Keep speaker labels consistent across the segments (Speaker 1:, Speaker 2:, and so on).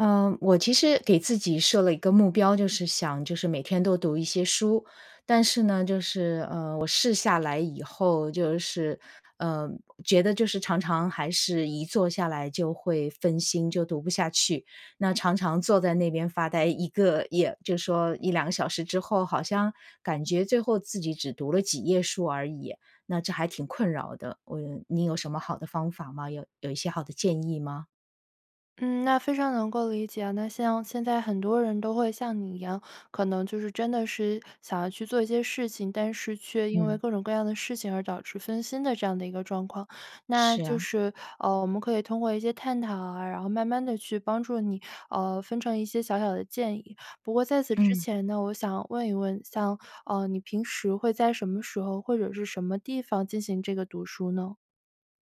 Speaker 1: 呃，我其实给自己设了一个目标，就是想就是每天都读一些书，但是呢就是，呃，我试下来以后就是，呃，觉得就是常常还是一坐下来就会分心，就读不下去。那常常坐在那边发呆一个也就说1、2小时之后，好像感觉最后自己只读了几页书而已，那这还挺困扰的，嗯，你有什么好的方法吗？有有一些好的建议吗？
Speaker 2: 嗯，那非常能够理解啊，那像现在很多人都会像你一样，可能就是真的是想要去做一些事情，但是却因为
Speaker 1: 嗯。
Speaker 2: 各种各样的事情而导致分心的这样的一个状况。那
Speaker 1: 是
Speaker 2: 就
Speaker 1: 啊。
Speaker 2: 是，呃，我们可以通过一些探讨啊，然后慢慢地去帮助你，呃，分成一些小小的建议。不过在此之
Speaker 1: 嗯。
Speaker 2: 前呢，我想问一问，像，呃，你平时会在什么时候或者是什么地方进行这个读书呢？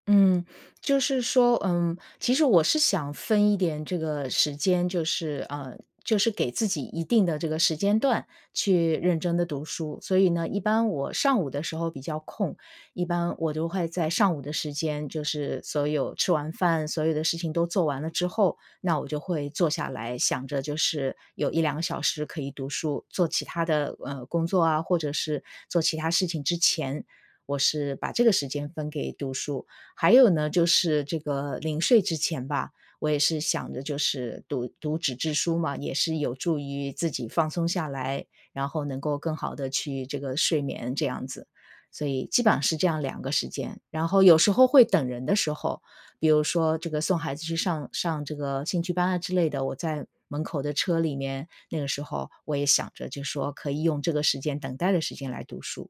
Speaker 1: 嗯，就是说，呃，其实我是想分一点这个时间，就是，呃，就是给自己一定的这个时间段去认真地读书。所以呢，一般我上午的时候比较空，一般我都会在上午的时间，就是所有吃完饭，所有的事情都做完了之后，那我就会坐下来想着就是有1、2个小时可以读书，做其它的，呃，工作啊，或者是做其它事情之前我是把这个时间分给读书。还有呢，就是这个临睡之前吧，我也是想着就是读读纸质书嘛，也是有助于自己放松下来，然后能够更好地去这个睡眠这样子。所以基本上是这样两个时间，然后有时候会等人的时候，比如说这个送孩子去上上这个兴趣班啊之类的，我在门口的车里面，那个时候我也想着就说可以用这个时间等待的时间来读书。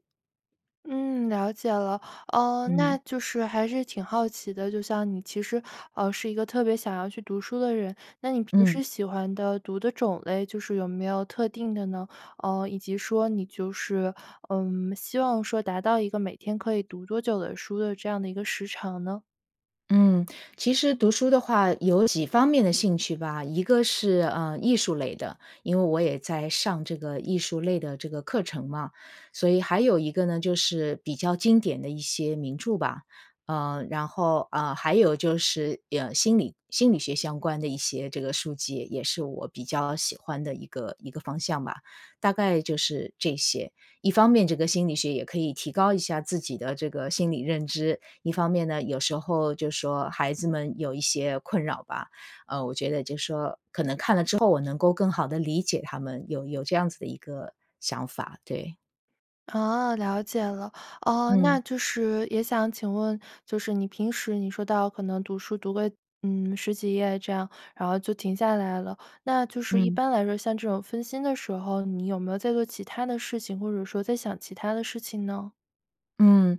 Speaker 2: 嗯，了解了。呃，那
Speaker 1: 嗯。
Speaker 2: 就是还是挺好奇的，就像你其实，呃，是一个特别想要去读书的人，那你平
Speaker 1: 嗯。
Speaker 2: 时喜欢的读的种类就是有没有特定的呢？呃，以及说你就是，呃，希望说达到一个每天可以读多久的书的这样的一个时长呢？
Speaker 1: 嗯，其实读书的话，有几方面的兴趣吧。一个是，呃，艺术类的，因为我也在上这个艺术类的这个课程嘛。所以还有一个呢，就是比较经典的一些名著吧，呃，然后，呃，还有就是呀心理心理学相关的一些这个书籍，也是我比较喜欢的一个一个方向吧。大概就是这些。一方面这个心理学也可以提高一下自己的这个心理认知。一方面呢，有时候就说孩子们有一些困扰吧，呃，我觉得就说，可能看了之后我能够更好地理解他们有有这样子的一个想法，对。
Speaker 2: 啊，了解了。哦那
Speaker 1: 嗯。
Speaker 2: 就是也想请问，就是你平时你说到可能读书读个，嗯，10几页这样，然后就停下来了。那就是一
Speaker 1: 嗯。
Speaker 2: 般来说，像这种分心的时候，你有没有在做其他的事情，或者说在想其他的事情呢？
Speaker 1: 嗯，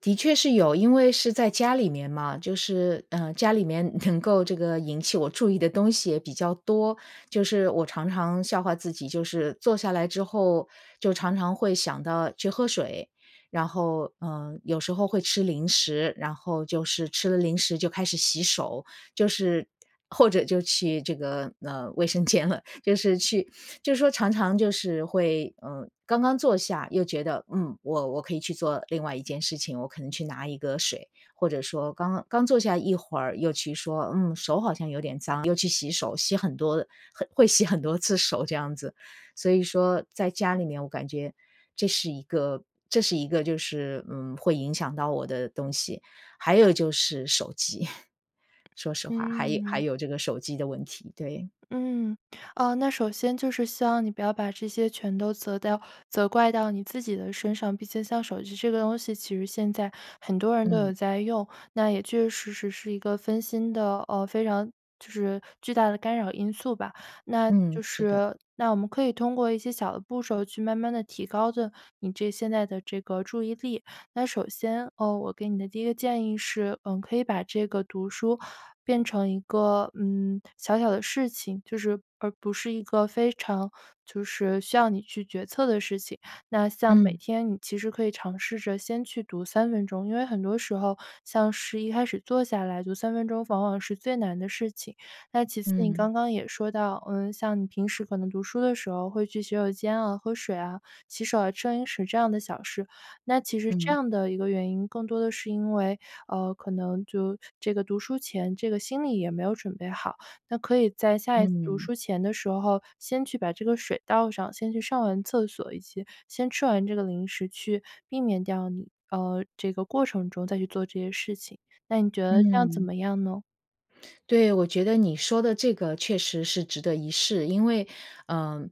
Speaker 1: 的确是有。因为是在家里面嘛，就是呃，家里面能够这个引起我注意的东西也比较多。就是我常常笑话自己，就是，坐下来之后就常常会想到去喝水，然后，呃，有时候会吃零食。然后就是吃了零食就开始洗手，就是或者就去这个，呃，卫生间了。就是去就是说常常就是会，呃，刚刚坐下又觉得：“嗯，我我可以去做另外一件事情，我可能去拿一个水。”或者说，刚刚坐下一会儿又去说：“嗯，手好像有点脏。”又去洗手，洗很多很会洗很多次手这样子。所以说在家里面我感觉这是一个这是一个就是，嗯，会影响到我的东西。还有就是手机 说实话还有还
Speaker 2: 嗯。
Speaker 1: 有这个手机的问题，对。
Speaker 2: 嗯，呃，那首先就是希望你不要把这些全都责掉责怪到你自己的身上，毕竟像手机这个东西其实现在很多人都
Speaker 1: 嗯。
Speaker 2: 有在用，那也确确实实是一个分心的呃，非常就是巨大的干扰因素吧。那
Speaker 1: 嗯，
Speaker 2: 就
Speaker 1: 是的。
Speaker 2: 是那我们可以通过一些小的步骤去慢慢地提高的，你这现在的这个注意力。那首先，哦，我给你的第一个建议是，嗯，可以把这个读书变成一个，嗯，小小的事情，就是而不是一个非常就是需要你去决策的事情。那像每
Speaker 1: 嗯。
Speaker 2: 天你其实可以尝试着先去读3分钟，因为很多时候，像是一开始坐下来读3分钟往往是最难的事情。那其次，你
Speaker 1: 嗯。
Speaker 2: 刚刚也说到，呃，像你平时可能读书的时候会去洗手间啊、喝水啊、洗手啊、吃零食这样的小事，那其实这
Speaker 1: 嗯。
Speaker 2: 样的一个原因，更多的是因为呃，可能就这个读书前这个心理也没有准备好。那可以在下一次读
Speaker 1: 嗯。
Speaker 2: 书前的时候先去把这个水倒上，先去上完厕所以及先吃完这个零食去避免掉你呃，这个过程中再去做这些事情，那你觉得这样怎
Speaker 1: 嗯。
Speaker 2: 么样呢？
Speaker 1: 对，我觉得你说的这个确实是值得一试。因为呃，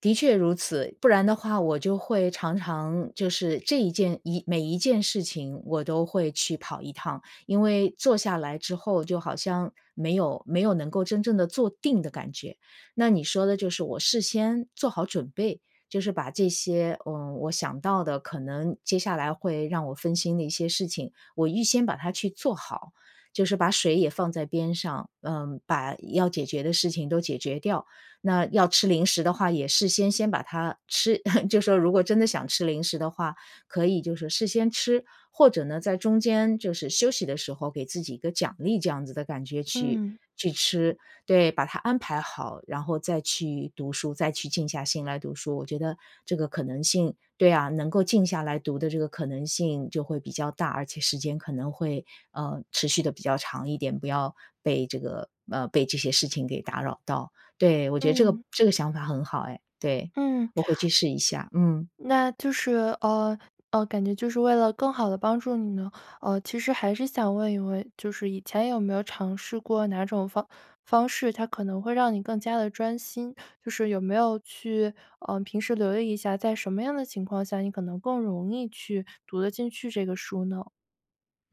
Speaker 1: 的确如此，不然的话我就会常常就是这一件一每一件事情我都会去跑一趟。因为坐下来之后就好像，没有没有能够真正地坐定的感觉。那你说的就是我事先，做好准备，就是把这些，呃，我想到的可能接下来会让我分心的一些事情，我预先把它去做好。就是把水也放在边上，呃，把要解决的事情都解决掉，那要吃零食的话也事先先把它吃 就说如果真的想吃零食的话，可以就是事先吃，或者呢在中间就是休息的时候给自己一个奖励这样子的感觉去
Speaker 2: 嗯。
Speaker 1: 去吃。对，把它安排好，然后再去读书再去静下心来读书。我觉得这个可能性对啊，能够静下来读的这个可能性就会比较大，而且时间可能会，呃，持续得比较长一点，不要被这个呃，被这些事情给打扰到。对，我觉得这个
Speaker 2: 嗯。
Speaker 1: 这个想法很好哎，对，
Speaker 2: 嗯。
Speaker 1: 我回去试一下，嗯。
Speaker 2: 那就是呃，呃，感觉就是为了更好地帮助你呢，呃，其实还是想问一问，就是以前有没有尝试过哪种方方式，它可能会让你更加地专心？就是有没有去呃，平时留意一下，在什么样的情况下你可能更容易去读得进去这个书呢？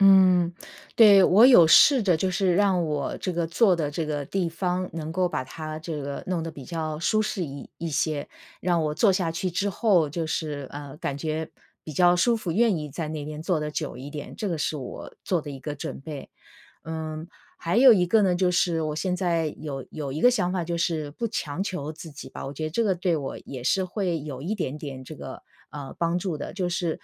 Speaker 1: 嗯，对，我有试着就是让我这个坐的这个地方能够把它这个弄得比较舒适一一些，让我坐下去之后就是，呃，感觉比较舒服，愿意在那边坐得久一点，这个是我做的一个准备。嗯，还有一个呢，就是我现在有有一个想法就是不强求自己吧，我觉得这个对我也是会有一点点这个，呃，帮助的。就是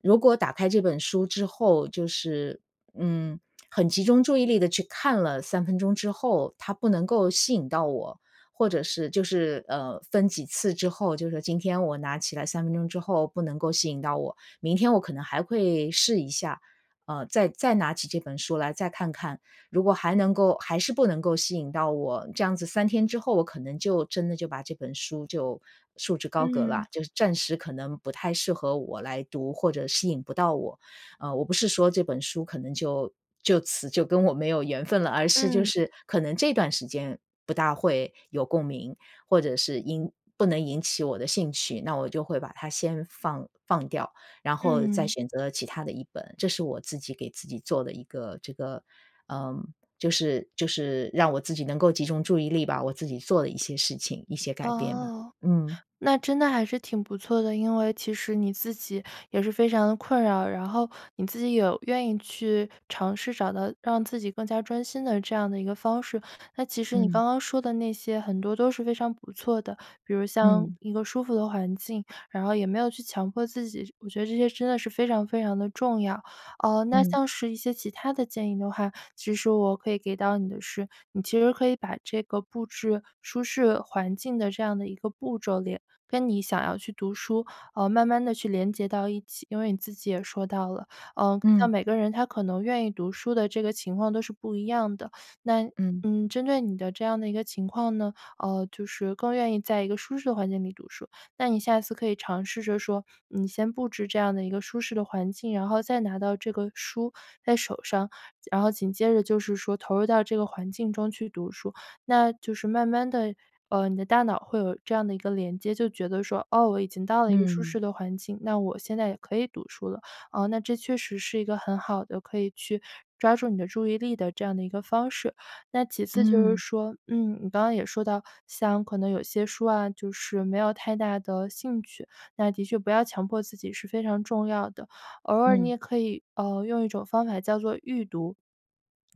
Speaker 1: 如果打开这本书之后，就是，嗯，很集中注意力地去看了3分钟之后，它不能够吸引到我，或者是就是，呃，分几次之后，就是今天我拿起来3分钟之后不能够吸引到我，明天我可能还会试一下，呃，再再拿起这本书来再看看，如果还能够还是不能够吸引到我，这样子3天之后我可能就真的就把这本书就束之高阁了，
Speaker 2: 嗯。
Speaker 1: 就是暂时可能不太适合我来读，或者吸引不到我。呃，我不是说这本书可能就就此就跟我没有缘分了，而是就
Speaker 2: 嗯。
Speaker 1: 是可能这段时间不大会有共鸣，或者是因不能引起我的兴趣，那我就会把它先放放掉，然后再
Speaker 2: 嗯。
Speaker 1: 选择其他的一本，这是我自己给自己做的一个这个，呃，就是就是让我自己能够集中注意力吧，我自己做的一些事情、一些改变吧，
Speaker 2: 哦，
Speaker 1: 嗯。
Speaker 2: 那真的还是挺不错的，因为其实你自己也是非常地困扰，然后你自己有愿意去尝试找到让自己更加专心的这样一个方式，那其实你
Speaker 1: 嗯。
Speaker 2: 刚刚说的那些很多都是非常不错的，比如像
Speaker 1: 嗯。
Speaker 2: 一个舒服的环境，然后也没有去强迫自己，我觉得这些真的是非常非常地重要。呃，那
Speaker 1: 嗯。
Speaker 2: 像是一些其他的建议的话，其实我可以给到你的是，你其实可以把这个布置舒适环境的这样的一个步骤，连跟你想要去读书，呃慢慢地连接到一起，因为你自己也说到了，呃，像
Speaker 1: 嗯。
Speaker 2: 每个人他可能愿意读书的这个情况都是不一样的。那，
Speaker 1: 嗯。
Speaker 2: 嗯，针对你的这样一个情况呢，呃，就是更愿意在一个舒适的环境里读书，那你下次可以尝试着说你先布置这样一个舒适的环境，然后再拿到这个书在手上，然后紧接着就是说投入到这个环境中去读书。那就是慢慢地，呃，你的大脑会有这样的一个连接，就觉得说哦，我已经到了一个舒
Speaker 1: 嗯。
Speaker 2: 适的环境，那我现在也可以读书了。呃，那这确实是一个很好的可以去抓住你的注意力的这样的一个方式。那其次就是
Speaker 1: 嗯。
Speaker 2: 说，嗯，你刚刚也说到像可能有些书啊，就是没有太大的兴趣，那的确不要强迫自己是非常重要的，偶尔你
Speaker 1: 嗯。
Speaker 2: 也可以，呃，用一种方法叫做预读，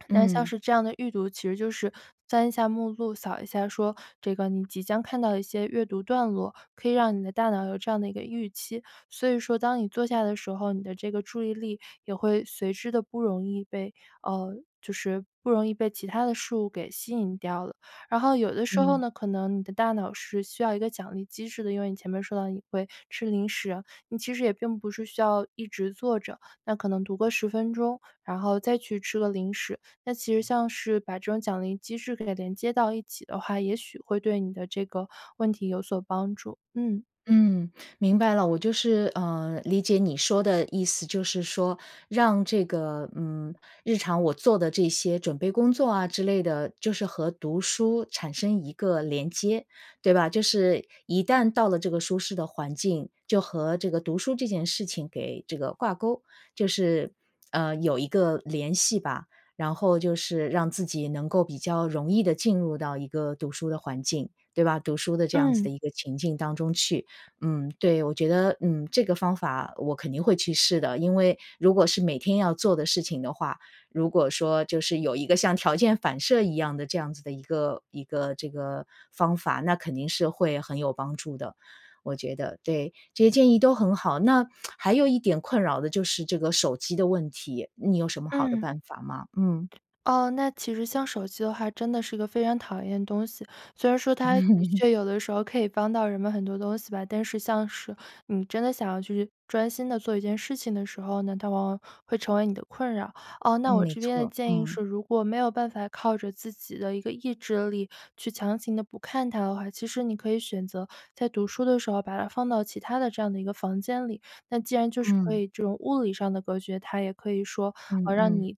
Speaker 2: 那像
Speaker 1: 嗯。
Speaker 2: 是这样的预读，其实就是翻一下目录，扫一下说这个你即将看到的一些阅读段落，可以让你的大脑有这样的一个预期，所以说当你坐下的时候，你的这个注意力也会随之地不容易被呃就是不容易被其他的事物给吸引掉了，然后有的时候
Speaker 1: 嗯。
Speaker 2: 呢，可能你的大脑是需要一个奖励机制的，因为你前面说到你会吃零食，你其实也并不是需要一直坐着，那可能读个10分钟，然后再去吃个零食，那其实像是把这种奖励机制给它连接到一起的话，也许会对你的这个问题有所帮助。嗯
Speaker 1: 嗯，明白了。我就是，呃，理解你说的意思，就是说，让这个，嗯，日常我做的这些准备工作啊之类的，就是和读书产生一个连接，对吧？就是一旦到了这个舒适的环境，就和这个读书这件事情给这个挂钩，就是，呃，有一个联系吧，然后就是让自己能够比较容易地进入到一个读书的环境，对吧？读书的这样子的
Speaker 2: 嗯。
Speaker 1: 一个情境当中去。嗯，对，我觉得，嗯，这个方法我肯定会去试的，因为如果是每天要做的事情的话，如果说就是有一个像条件反射一样的这样子的一个一个这个方法，那肯定是会很有帮助的，我觉得，对，这些建议都很好。那 还有一点困扰的就是这个手机的问题，你有什么好的
Speaker 2: 嗯。
Speaker 1: 办法吗？嗯。
Speaker 2: 哦，那其实像手机的话，真的是一个非常讨厌的东西，虽然说它的
Speaker 1: 嗯。
Speaker 2: 确有的时候可以帮到人们很多东西吧，但是像是你真的想要去专心地做一件事情的时候呢，它往往会成为你的困扰。呃，那
Speaker 1: 嗯，
Speaker 2: 我
Speaker 1: 没
Speaker 2: 这边的
Speaker 1: 错，
Speaker 2: 建议
Speaker 1: 嗯。
Speaker 2: 是，如果没有办法靠着自己的一个意志力，去强行地不看它的话，其实你可以选择在读书的时候把它放到其他的这样的一个房间里。那既然就是可
Speaker 1: 嗯。
Speaker 2: 以这种物理上的隔绝，它也可以说，呃，
Speaker 1: 嗯
Speaker 2: 让
Speaker 1: 嗯。
Speaker 2: 你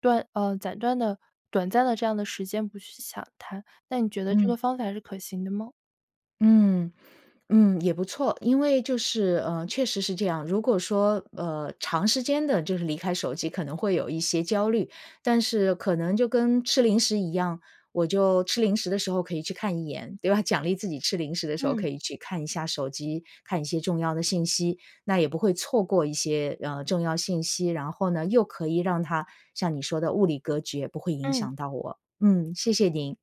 Speaker 2: 断呃暂断的短暂的这样的时间不去想它，那你觉得这个
Speaker 1: 嗯。
Speaker 2: 方法是可行的吗？
Speaker 1: 嗯嗯，也不错，因为就是，呃，确实是这样，如果说，呃，长时间地就是离开手机可能会有一些焦虑，但是可能就跟吃零食一样，我就吃零食的时候可以去看一眼，对吧，奖励自己吃零食的时候
Speaker 2: 嗯。
Speaker 1: 可以去看一下手机，看一些重要的信息，那也不会错过一些，呃，重要信息，然后呢又可以让它像你说的物理隔绝，不会影
Speaker 2: 嗯。
Speaker 1: 响到我。嗯，谢谢您！